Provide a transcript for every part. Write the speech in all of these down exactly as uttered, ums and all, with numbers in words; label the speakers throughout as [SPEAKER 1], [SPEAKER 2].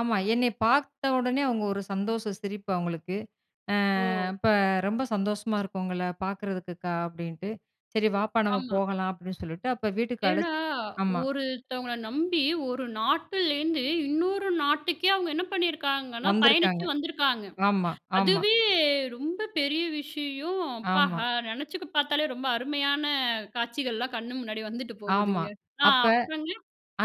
[SPEAKER 1] ஆமா. என்னைய பாத்த உடனே அவுங்க ஒரு சந்தோஷ சிரிப்பு அவுங்களுக்கு. அ
[SPEAKER 2] ஓ!
[SPEAKER 1] அப்போ "ரொம்ப சந்தோஷமா இருக்கு உங்கள பாக்குறதுக்குக்கா" அப்படின்ட்டு, "சரி வாப்பா நம்ம
[SPEAKER 2] ஆமா.
[SPEAKER 1] போகலாம்" அப்படின்னு சொல்லிட்டு அப்போ வீட்டுக்கு
[SPEAKER 2] ஏன்னா,
[SPEAKER 1] அழைச்சு ஆமா.
[SPEAKER 2] ஒருத்தவங்கள நம்பி, ஒரு நாட்டுலேருந்து, இன்னொரு நாட்டுக்கே அவுங்க என்ன பண்ணியிருக்காங்கன்னா,
[SPEAKER 1] வந்துருக்காங்க.
[SPEAKER 2] பயணிச்சு வந்திருக்காங்க.
[SPEAKER 1] ஆமா, ஆமா.
[SPEAKER 2] அதுவே ரொம்ப பெரிய விஷயம். அப்பா!
[SPEAKER 1] ஆமா.
[SPEAKER 2] அ நெனச்சு பாத்தாலே, ரொம்ப அருமையான காட்சிகள்லாம் கண்ணு முன்னாடி வந்துட்டு
[SPEAKER 1] ஆமா.
[SPEAKER 2] போகுதுங்க. ஆ
[SPEAKER 1] அப்ப
[SPEAKER 2] அப்புறங்க?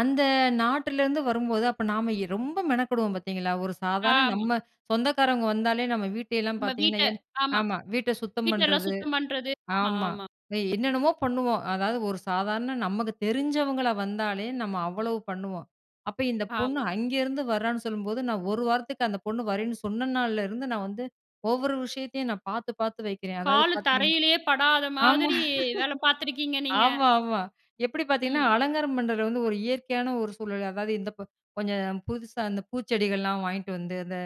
[SPEAKER 1] அந்த நாட்டிலருந்து வரும்போது, அப்ப நாம ரொம்ப மெனக்கெடுவோம், பாத்தீங்களா? ஒரு சாதாரண
[SPEAKER 2] ஆமா.
[SPEAKER 1] நம்ம சொந்தக்காரங்க வந்தாலே, நம்ம வீட்டையெல்லாம்
[SPEAKER 2] நம்ம
[SPEAKER 1] பாத்தீங்கன்னா
[SPEAKER 2] வீட்ட
[SPEAKER 1] என்
[SPEAKER 2] ஆமா.
[SPEAKER 1] ஆமா. வீட்ட சுத்தம்
[SPEAKER 2] வீட்டெல்லாம்
[SPEAKER 1] பண்றது
[SPEAKER 2] சுத்தம் பண்றது, ஆமா
[SPEAKER 1] ஆமா.
[SPEAKER 2] ஆமா.
[SPEAKER 1] என்னென்னமோ பண்ணுவோம். அதாவது, ஒரு சாதாரண நமக்கு தெரிஞ்சவங்களா வந்தாலே, நம்ம அவ்வளவு பண்ணுவோம். அப்போ, இந்த பொண்ணு
[SPEAKER 2] ஆமா.
[SPEAKER 1] அங்கேருந்து வர்றான்னு சொல்லும்போது, நான் ஒரு வாரத்துக்கு, அந்த பொண்ணு வரேன்னு சொன்ன நாள்ல இருந்து, நான் வந்து ஒவ்வொரு விஷயத்தையும் நான் பாத்து பாத்து வைக்கிறேன். அதாவது,
[SPEAKER 2] காலு
[SPEAKER 1] பாத்தீங்கன்னா
[SPEAKER 2] தரையிலயே படாத
[SPEAKER 1] ஆமா.
[SPEAKER 2] மாதிரி வேலை பாத்துருக்கீங்க நீங்க!
[SPEAKER 1] ஆமா, ஆமா. எப்படி பாத்தீங்கன்னா,
[SPEAKER 2] ம்.
[SPEAKER 1] அலங்காரம் பண்றதுல வந்து ஒரு இயற்கையான ஒரு சூழல். அதாவது, இந்த ப கொஞ்சம் புதுசா அந்த பூச்செடிகள்லாம் வாங்கிட்டு வந்து, அந்த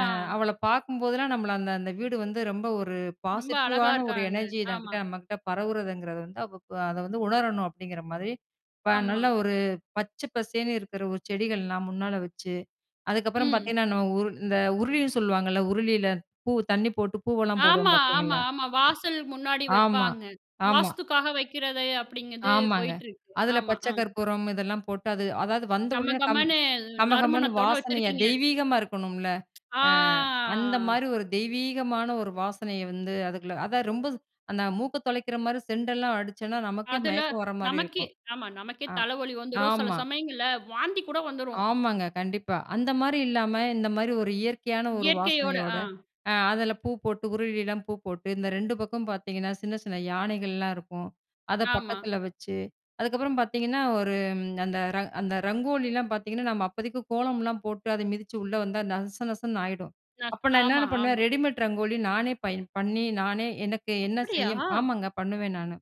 [SPEAKER 1] அ அவள பாக்கும்போதெல்லாம், நம்மள அந்த அந்த வீடு வந்து ரொம்ப ஒரு
[SPEAKER 2] ரொம்ப அழகா
[SPEAKER 1] பாசிட்டிவான ஒரு
[SPEAKER 2] இருக்காங்க,
[SPEAKER 1] எனர்ஜி
[SPEAKER 2] ஆமா.
[SPEAKER 1] எனக்கிட்ட நம்மகிட்ட பரவுரதுங்கிறது வந்து, அதை வந்து உணரணும் அப்டிங்கிற மாரி, இப்போ
[SPEAKER 2] ஆமா.
[SPEAKER 1] நல்லா ஒரு பச்சை பசேன்னு இருக்கிற ஒரு செடிகள்லாம் முன்னால வச்சு, அதுக்கப்புறம்
[SPEAKER 2] ம்.
[SPEAKER 1] பாத்தீங்கன்னா, நான் உரு இந்த உருளின்னு சொல்லுவாங்கல்ல, உருளியில பூ தண்ணி போட்டு பூவெல்லாம் போடுவோம்,
[SPEAKER 2] ஆமா, ஆமா,
[SPEAKER 1] பாத்தீங்களா?
[SPEAKER 2] ஆமா. வாசல் முன்னாடி
[SPEAKER 1] ஆமா
[SPEAKER 2] வைப்பாங்க.
[SPEAKER 1] ஆமா,
[SPEAKER 2] வாஸ்துக்காக வக்கிறது அப்படிங்கிறது
[SPEAKER 1] ஆமாங்க,
[SPEAKER 2] போயிட்டு இருக்கு.
[SPEAKER 1] அதில
[SPEAKER 2] ஆமா.
[SPEAKER 1] பச்சை
[SPEAKER 2] ஆ.
[SPEAKER 1] கற்பூரம் இதெல்லாம் போட்டு, அது அதாவது, வந்தவுடனே கம்
[SPEAKER 2] கமகமன்னு,
[SPEAKER 1] கமகமன்னு
[SPEAKER 2] நறுமணத்தோட
[SPEAKER 1] வாசனையா
[SPEAKER 2] வச்சிருக்கீங்க.
[SPEAKER 1] தெய்வீகமா இருக்கணும்ல,
[SPEAKER 2] ஆ,
[SPEAKER 1] அ, அந்த மாதிரி ஒரு தெய்வீகமான ஒரு வாசனைய வந்து அதுக்குள்ள அதான் ரொம்ப அந்த மூக்க தொலைக்கிற மாரி செண்டெல்லாம் அடிச்சம்ன்னா, நமக்கே
[SPEAKER 2] அதில
[SPEAKER 1] மயக்கம் வர மாரி
[SPEAKER 2] நமக்கே,
[SPEAKER 1] இருக்கும்,
[SPEAKER 2] ஆமா. நமக்கே
[SPEAKER 1] ஆம்,
[SPEAKER 2] தலைவலி வந்துரும் சில
[SPEAKER 1] ஆமா.
[SPEAKER 2] சமயங்கள்ல வாந்தி கூட வந்துரும்.
[SPEAKER 1] ஆமாங்க, கண்டிப்பா. அந்த மாரி இல்லாம, இந்த மாதிரி ஒரு இயற்கையான ஒரு
[SPEAKER 2] இயற்கையோட
[SPEAKER 1] வாசனையோட,
[SPEAKER 2] ஆ.
[SPEAKER 1] அ அதில பூ போட்டு உருளிலாம் பூ போட்டு, இந்த ரெண்டு பக்கமும் பாத்தீங்கன்னா, சின்ன சின்ன யானைகள்லாம் இருக்கும். அத
[SPEAKER 2] ஆமா.
[SPEAKER 1] பக்கத்தில வச்சு, அதுக்கப்புறம் பாத்தீங்கன்னா, ஒரு ம் அந்த ரங் அந்த ரங்கோலிலாம் பாத்தீங்கன்னா, நம்ம அப்பதைக்கு கோலம்லாம் போட்டு, அதை மிதிச்சு உள்ள வந்தா, நச நசன்னு ஆயிடும். அப்போ
[SPEAKER 2] [unintelligible]
[SPEAKER 1] நான்
[SPEAKER 2] ஆமா,
[SPEAKER 1] என்னென்ன பண்ணுவேன்?
[SPEAKER 2] ஆமா.
[SPEAKER 1] ரெடிமேட் ரங்கோலி நானே பயன் பண்ணி, நானே எனக்கு என்ன
[SPEAKER 2] அப்படியா!?
[SPEAKER 1] செய்யும் ஆமாங்க. பண்ணுவேன் நானு.